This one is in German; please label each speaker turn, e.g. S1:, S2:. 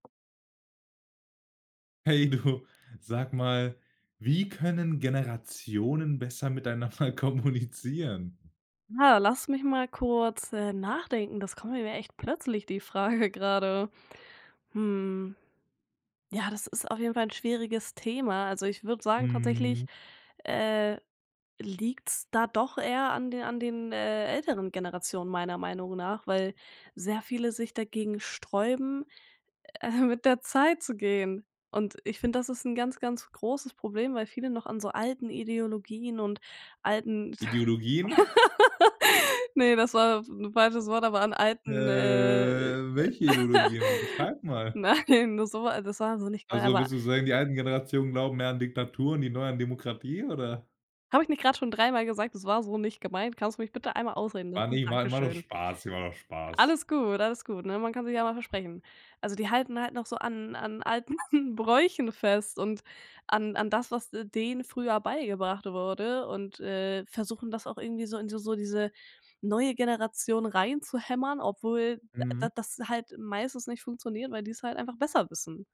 S1: Hey du, sag mal, wie können Generationen besser miteinander kommunizieren?
S2: Ah, lass mich mal kurz, äh, nachdenken, das kommt nämlich echt plötzlich, die Frage gerade. Hm. Ja das ist auf jeden Fall 'n schwieriges Thema. Also, ich würde sagen tatsächlich,
S1: Mhm.
S2: äh, liegt's da doch eher an den an den, äh, älteren Generationen meiner Meinung nach, weil sehr viele sich dagegen sträuben, äh, mit der Zeit zu gehen. Und ich finde, das ist 'n ganz, ganz großes Problem, weil viele noch an so alten Ideologien und alten
S1: Ideologien?
S2: Ne, das war das 'n falsches Wort, aber an
S1: Äh,
S2: alten, äh
S1: welche Ideologien? Beschreib mal.
S2: Nein, so war das war so nicht gemeint,
S1: Also,
S2: aber
S1: willst du sagen, die alten Generationen glauben mehr an Diktaturen, die neuen an Demokratie? Oder
S2: Habe ich nicht gerade schon dreimal gesagt: „Das war so nicht gemeint“? Kannst du mich bitte einmal ausreden
S1: War
S2: lassen?
S1: nie mein war nur
S2: Dankeschön.
S1: Spaß, war doch Spaß.
S2: Alles gut, alles gut, ne? Man kann sich ja mal versprechen. Also, die halten halt noch so an an alten Bräuchen fest und an an das, was d denen früher beigebracht wurde und, äh, versuchen das auch irgendwie so in so diese neue Generation reinzuhämmern, obwohl da
S1: Mhm.
S2: das halt meistens nicht funktioniert, weil die's halt einfach besser wissen.